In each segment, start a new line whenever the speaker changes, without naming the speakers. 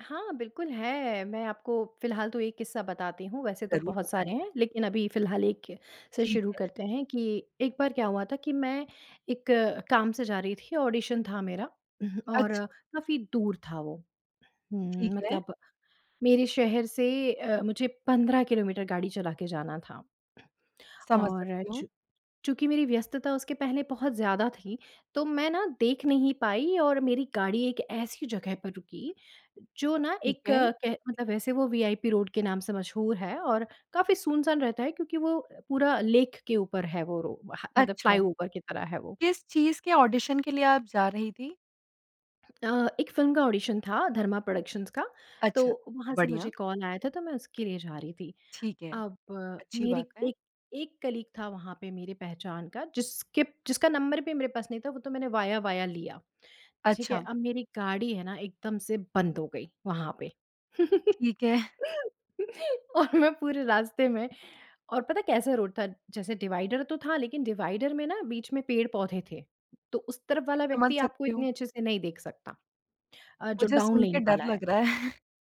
हाँ, बिल्कुल है। मैं आपको फ़िलहाल तो एक किस्सा बताती हूँ, वैसे तो
ज़रूर
बहुत
बताएँ।
सारे हैं लेकिन अभी फिलहाल एक से
ठीक
शुरू
है।
करते हैं कि एक बार क्या हुआ था कि मैं एक काम से जा रही थी। ऑडिशन था मेरा और
अच्छा।
काफ़ी दूर था वो। हुँ,
ठीक है।
मतलब मेरे शहर से अ, मुझे 15 किलोमीटर गाड़ी चला के जाना था।
समझ
और
सकती हूँ।
चूँ चूँकि मेरी व्यस्तता उसके पहले बहुत ज़्यादा थी तो मैं ना देख नहीं पाई और मेरी गाड़ी एक ऐसी जगह पर रुकी जो ना
ठीक
एक
है।
कह मतलब वैसे वो वीआइपी रोड के नाम से मशहूर है और काफ़ी सुनसान रहता है क्योंकि वो पूरा लेक के ऊपर है वो रो ह मतलब
अच्छा।
फ्लाईओवर की तरह है वो।
किस चीज़ के ऑडिशन के लिए आप जा रही थीं?
अ, एक फ़िल्म का ऑडिशन था, धर्मा प्रोडक्शंस का।
अच्छा।
तो वहाँ से मुझे
बढ़िया।
कॉल आया था, तो मैं उसके लिए जा रही थी।
ठीक है।
अब
अच्छी बात
मेरी
है।
एक एक कलीग था वहाँ पे मेरी पहचान का जिसके जिसका नंबर भी मेरे पास नहीं था, वो तो मैंने वाया वाया लिया, ठीक है?
अच्छा।
अब मेरी गाड़ी है न एकदम से बंद हो गई, वहाँ पे।
ठीक है।
और मैं पूरे रास्ते में और पता है कैसा रोड था, जैसे डिवाइडर तो था लेकिन डिवाइडर में न बीच में पेड़ पौधे थे। तो उस तरफ़ वाला
समझ
व्यक्ति आपको
सकती हूँ।
इतने अच्छे से नहीं देख सकता। अ, जो
मुझे
डाउन
सुन
लेन
के डर
वाला है।
लग रहा है।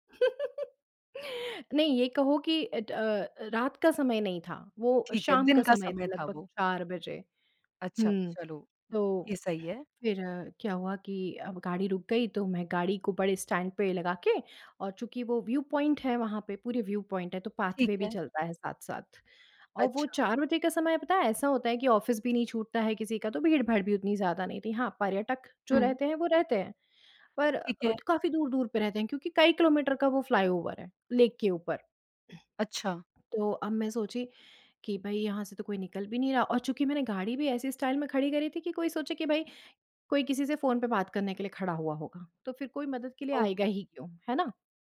नहीं, ये कहो कि अ अ, रात का समय नहीं था। वो
ठीक है,
शाम का
दिन का
समय
समय
था
था
लगभग
वो।
4 बजे।
अच्छा,
हुँ,
चलो,
तो
ये सही है।
फिर क्या हुआ कि अब गाड़ी रुक गई तो मैं गाड़ी को बड़े स्टैंड पे लगा के और चूँकि वो व्यू पॉइंट है वहाँ पे, पूरे व्यू पॉइंट है, तो
ठीक
पाथवे भी
है।
चलता है साथ-साथ। और वो
अच्छा।
4 बजे का समय पता है ऐसा होता है कि ऑफ़िस भी नहीं छूटता है किसी का, तो भीड़-भाड़ भी उतनी ज़्यादा नहीं थी। हाँ, पर्यटक जो
हुँ।
रहते हैं वो रहते हैं। पर
ठीक है।
काफ़ी दूर-दूर पे रहते हैं क्योंकि कई किलोमीटर का वो फ्लाईओवर है, लेक के ऊपर।
अच्छा।
तो अब मैं सोची कि भई यहाँ से तो कोई निकल भी नहीं रहा और चूँकि मैंने गाड़ी भी ऐसी स्टाइल में खड़ी करी थी कि कोई सोचे कि भई कोई किसी से फ़ोन पे बात करने के लिए खड़ा हुआ होगा। तो फिर कोई मदद के लिए
ओह!
आएगा ही क्यों? है ना?